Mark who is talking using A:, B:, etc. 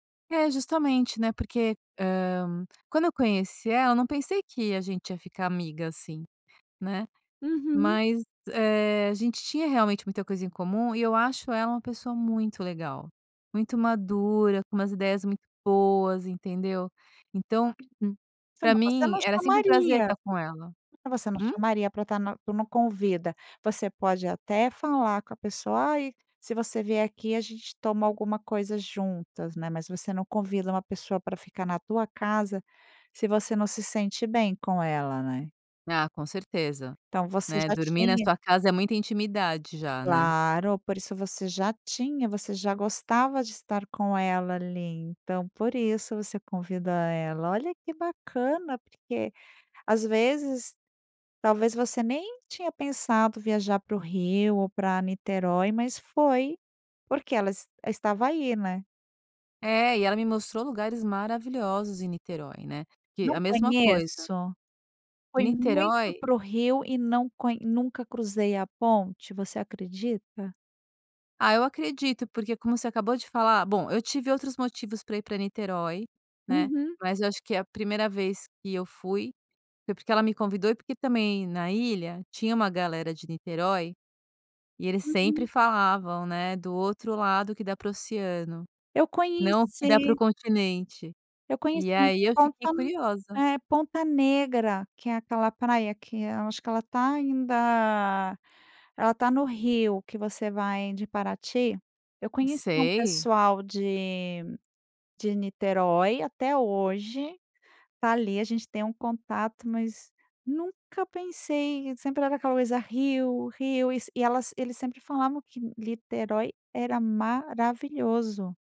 A: É, justamente, né, porque, hã, quando eu conheci ela, eu não pensei que a gente ia ficar amiga, assim, né.
B: Uhum.
A: Mas, eh, a gente tinha, realmente, muita coisa em comum. E, eu acho ela uma pessoa muito legal. Muito madura, com umas ideias muito boas, entendeu. Então, m
B: Sim.
A: pra
B: Mas, você
A: mim,
B: não
A: era sempre um prazer
B: chamaria.
A: estar com ela.
B: Mas, você não
A: Hum?
B: chamaria pra estar nu para uma convida. Você pode, até, falar com a pessoa: "Ai, se você vier aqui, a gente toma alguma coisa juntas.", né. Mas, você não convida uma pessoa pra ficar na tua casa, se você não se sente bem com ela, né.
A: Ah, com certeza,
B: Então, você
A: né.
B: já
A: Dormir na
B: tinha
A: sua casa, é muita intimidade já, né.
B: Claro. Por isso, você já tinha, você já gostava de estar com ela, ali. Então, por isso, você convidou ela. Olha, que bacana, porque, às vezes, talvez, você nem tinha pensado viajar para o Rio, ou pra Niterói. Mas, foi porque ela es estava aí, né.
A: É, e ela me mostrou lugares maravilhosos em Niterói, né, que
B: Não
A: a mesma coisa
B: conheço. Fui muito
A: Niterói.
B: para o Rio e não conh nunca cruzei a ponte. Você acredita?
A: Ah, eu acredito, porque como você acabou de falar, bom, eu tive outros motivos pra ir pra Niterói, né.
B: Uhum.
A: Mas, eu acho que a primeira vez que eu fui, foi porque ela me convidou e porque também na ilha tinha uma galera de Niterói e, eles sempre
B: Uhum.
A: falavam, né, do outro lado que dá para o oceano,
B: Eu
A: não, o que dá para o
B: conheci
A: continente.
B: Eu conheci
A: E aí, eu fiquei
B: Ponta,
A: curiosa.
B: é, Ponta Negra, que é aquela praia que, eu acho que, ela tá ainda, ela tá no Rio, que você vai de Paraty. Eu conheci um
A: Sei.
B: pessoal de de Niterói até hoje, tá ali, a gente tem um contato mas nunca pensei. E, sempre era aquela coisa Rio, Rio e elas eles sempre falavam que Niterói era maravilhoso.